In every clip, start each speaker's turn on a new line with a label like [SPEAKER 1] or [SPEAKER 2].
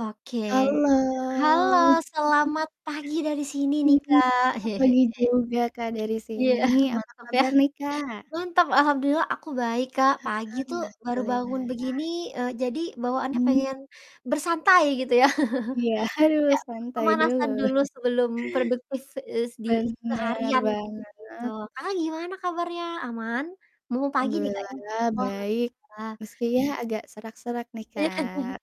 [SPEAKER 1] Oke. Halo,
[SPEAKER 2] Halo.
[SPEAKER 1] selamat pagi dari sini nih,
[SPEAKER 2] Mhm,
[SPEAKER 1] Kak.
[SPEAKER 2] a pagi juga, Kak, dari
[SPEAKER 1] Iya,
[SPEAKER 2] sini, apa
[SPEAKER 1] mantap ya,
[SPEAKER 2] kabar nih Kak?
[SPEAKER 1] mantap, alhamdulillah aku baik, Kak. Pagi
[SPEAKER 2] Heeh,
[SPEAKER 1] tuh, baru bangun begini,
[SPEAKER 2] alhamdulillah.
[SPEAKER 1] eee, jadi bawaannya
[SPEAKER 2] Mhm.
[SPEAKER 1] pengen bersantai gitu ya.
[SPEAKER 2] Iya, aduh,
[SPEAKER 1] Iya,
[SPEAKER 2] santai dulu.
[SPEAKER 1] pemanasan dulu sebelum produktif es di
[SPEAKER 2] Benar
[SPEAKER 1] seharian gitu-gitu.
[SPEAKER 2] banget.
[SPEAKER 1] Kakak gimana kabarnya, aman? Mumpung pagi nih, Kak, ya.
[SPEAKER 2] Alhamdulillah
[SPEAKER 1] Wah,
[SPEAKER 2] baik,
[SPEAKER 1] alhamdulillah.
[SPEAKER 2] meski yah agak serak-serak nih Kak,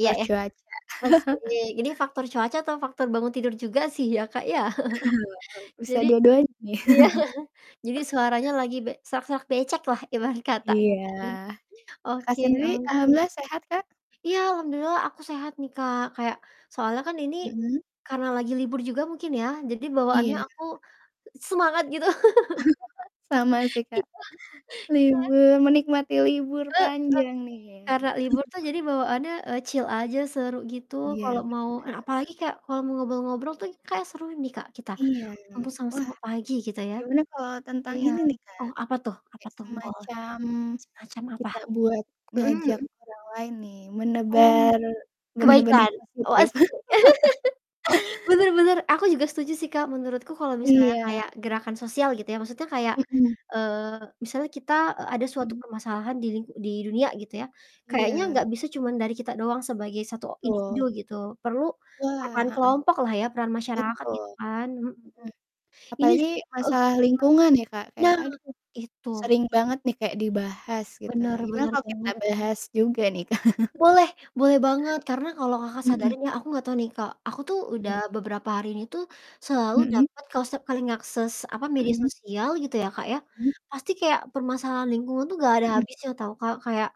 [SPEAKER 1] Iya, ya.
[SPEAKER 2] cuaca.
[SPEAKER 1] [unintelligible] Ini faktor cuaca atau faktor bangun tidur juga sih ya, Kak, ya.
[SPEAKER 2] Bisa
[SPEAKER 1] Jadi,
[SPEAKER 2] dua-duanya nih
[SPEAKER 1] iya jadi suaranya lagi, be serak-serak becek lah ibarat kata ya,
[SPEAKER 2] Iya,
[SPEAKER 1] Kak, ya.
[SPEAKER 2] Kakak
[SPEAKER 1] Oke
[SPEAKER 2] sendiri
[SPEAKER 1] oke.
[SPEAKER 2] alhamdulillah sehat, Kak?
[SPEAKER 1] Iya, alhamdulillah aku sehat nih Kak, kayak soalnya kan ini,
[SPEAKER 2] Mhm.
[SPEAKER 1] karena lagi libur juga mungkin ya, jadi bawaannya
[SPEAKER 2] Iya.
[SPEAKER 1] aku, semangat gitu
[SPEAKER 2] Sama sih,
[SPEAKER 1] Iya,
[SPEAKER 2] Kak.
[SPEAKER 1] heeh.
[SPEAKER 2] Libur, menikmati libur
[SPEAKER 1] Heeh,
[SPEAKER 2] panjang nih ya?
[SPEAKER 1] karena libur tuh jadi bawaannya, eee, chill aja, seru gitu
[SPEAKER 2] Iya,
[SPEAKER 1] kalau mau en
[SPEAKER 2] benar.
[SPEAKER 1] apalagi kayak kalau mau ngobrol-ngobrol tuh kayak seru nih, Kak, kita,
[SPEAKER 2] Iya,
[SPEAKER 1] mumpung
[SPEAKER 2] wah
[SPEAKER 1] sama-sama pagi kita ya.
[SPEAKER 2] gimana kalau tentang
[SPEAKER 1] Iya.
[SPEAKER 2] ini nih, Kak,
[SPEAKER 1] Oh, apa tuh apa
[SPEAKER 2] kayak
[SPEAKER 1] tuh? Oh.
[SPEAKER 2] semacam
[SPEAKER 1] Semacam apa?
[SPEAKER 2] kita buat
[SPEAKER 1] Mhm
[SPEAKER 2] ngajak
[SPEAKER 1] mhm.
[SPEAKER 2] orang lain nih,
[SPEAKER 1] Oh.
[SPEAKER 2] menebar benih-benih
[SPEAKER 1] Kebaikan? Oh,
[SPEAKER 2] positif.
[SPEAKER 1] az Benar benar, aku juga setuju sih, Kak, menurutku kalau misalnya
[SPEAKER 2] Iya.
[SPEAKER 1] kayak gerakan sosial gitu ya, maksudnya kayak,
[SPEAKER 2] Mhm.
[SPEAKER 1] eee, misalnya kita, eee, ada suatu
[SPEAKER 2] Mhm.
[SPEAKER 1] permasalahan di ling di dunia gitu ya. Kayaknya
[SPEAKER 2] Iya.
[SPEAKER 1] nggak bisa cuma dari kita doang sebagai 1 o individu
[SPEAKER 2] Betul.
[SPEAKER 1] gitu, perlu
[SPEAKER 2] Wah,
[SPEAKER 1] peran
[SPEAKER 2] heeh.
[SPEAKER 1] kelompok lah ya, peran masyarakat
[SPEAKER 2] Betul.
[SPEAKER 1] gitu kan, mhm.
[SPEAKER 2] Mhm.
[SPEAKER 1] Ini
[SPEAKER 2] Apalagi
[SPEAKER 1] heeh.
[SPEAKER 2] masalah lingkungan ya, Kak, kayak,
[SPEAKER 1] Nah,
[SPEAKER 2] aduh,
[SPEAKER 1] itu.
[SPEAKER 2] sering banget nih kayak dibahas gitu,
[SPEAKER 1] Benar,
[SPEAKER 2] gimana
[SPEAKER 1] benar
[SPEAKER 2] kalau kita
[SPEAKER 1] banget.
[SPEAKER 2] bahas juga nih Kak?
[SPEAKER 1] Boleh, boleh banget, karena kalau Kakak
[SPEAKER 2] Mhm.
[SPEAKER 1] sadarin ya, aku nggak tahu nih, Kak, aku tuh udah
[SPEAKER 2] Mhm.
[SPEAKER 1] beberapa hari ini tuh, selalu
[SPEAKER 2] Mhm.
[SPEAKER 1] dapet ke se ke link akses apa, media
[SPEAKER 2] Mhm.
[SPEAKER 1] sosial gitu ya, Kak, ya,
[SPEAKER 2] Mhm.
[SPEAKER 1] pasti kayak permasalahan lingkungan tuh nggak ada
[SPEAKER 2] Mhm.
[SPEAKER 1] habisnya tau Kak. Kayak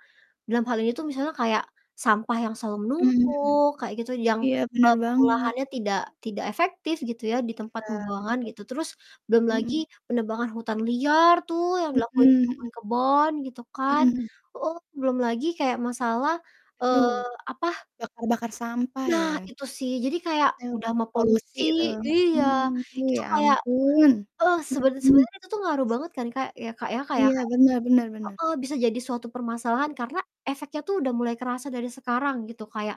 [SPEAKER 1] dalam hal ini
[SPEAKER 2] Mhm.
[SPEAKER 1] tuh misalnya kayak sampah yang selalu
[SPEAKER 2] Mhm.
[SPEAKER 1] menumpuk, kayak gitu, yang,
[SPEAKER 2] Iya, benar
[SPEAKER 1] eee,
[SPEAKER 2] banget.
[SPEAKER 1] pengolahannya tidak tidak efektif gitu ya, di
[SPEAKER 2] Iya,
[SPEAKER 1] tempat
[SPEAKER 2] betul.
[SPEAKER 1] pembuangan gitu. Terus belum lagi
[SPEAKER 2] Mhm.
[SPEAKER 1] penebangan hutan liar tuh yang dilakuin di
[SPEAKER 2] Mhm mhm.
[SPEAKER 1] kebun-kebun, gitu kan.
[SPEAKER 2] Mhm.
[SPEAKER 1] Oh, belum lagi, kayak masalah, eee,
[SPEAKER 2] Duh,
[SPEAKER 1] apa
[SPEAKER 2] bakar-bakar sampah
[SPEAKER 1] Nah
[SPEAKER 2] ya?
[SPEAKER 1] itu sih, jadi kayak
[SPEAKER 2] Tau,
[SPEAKER 1] udah
[SPEAKER 2] eh,
[SPEAKER 1] mah
[SPEAKER 2] polusi
[SPEAKER 1] polusi
[SPEAKER 2] tuh,
[SPEAKER 1] iya,
[SPEAKER 2] mhm, duh
[SPEAKER 1] itu
[SPEAKER 2] ya
[SPEAKER 1] kayak,
[SPEAKER 2] ampun,
[SPEAKER 1] eh, sebener
[SPEAKER 2] mhm.
[SPEAKER 1] sebenarnya itu tuh ngaruh banget kan, Kak, ya, Kak, ya. Kayak
[SPEAKER 2] Iya,
[SPEAKER 1] kayak
[SPEAKER 2] benar benar benar.
[SPEAKER 1] Heeh, bisa jadi suatu permasalahan karena efeknya tuh udah mulai kerasa dari sekarang gitu, kayak,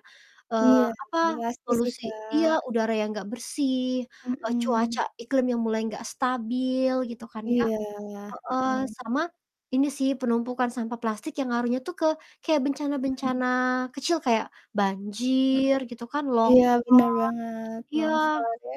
[SPEAKER 1] eee,
[SPEAKER 2] Iya,
[SPEAKER 1] apa,
[SPEAKER 2] [unintelligible] sih,
[SPEAKER 1] polusi iya,
[SPEAKER 2] Kak.
[SPEAKER 1] udara yang nggak bersih, eee, cuaca
[SPEAKER 2] Mhm.
[SPEAKER 1] iklim yang mulai nggak stabil gitu kan ya.
[SPEAKER 2] Iya,
[SPEAKER 1] Heeh,
[SPEAKER 2] heeh.
[SPEAKER 1] sama ini sih, penumpukan sampah plastik yang ngaruhnya tuh ke kayak
[SPEAKER 2] Mhm.
[SPEAKER 1] bencana-bencana kecil, kayak banjir, gitu kan,
[SPEAKER 2] Heeh, iya benar
[SPEAKER 1] longsor,
[SPEAKER 2] banget,
[SPEAKER 1] iya.
[SPEAKER 2] longsor ya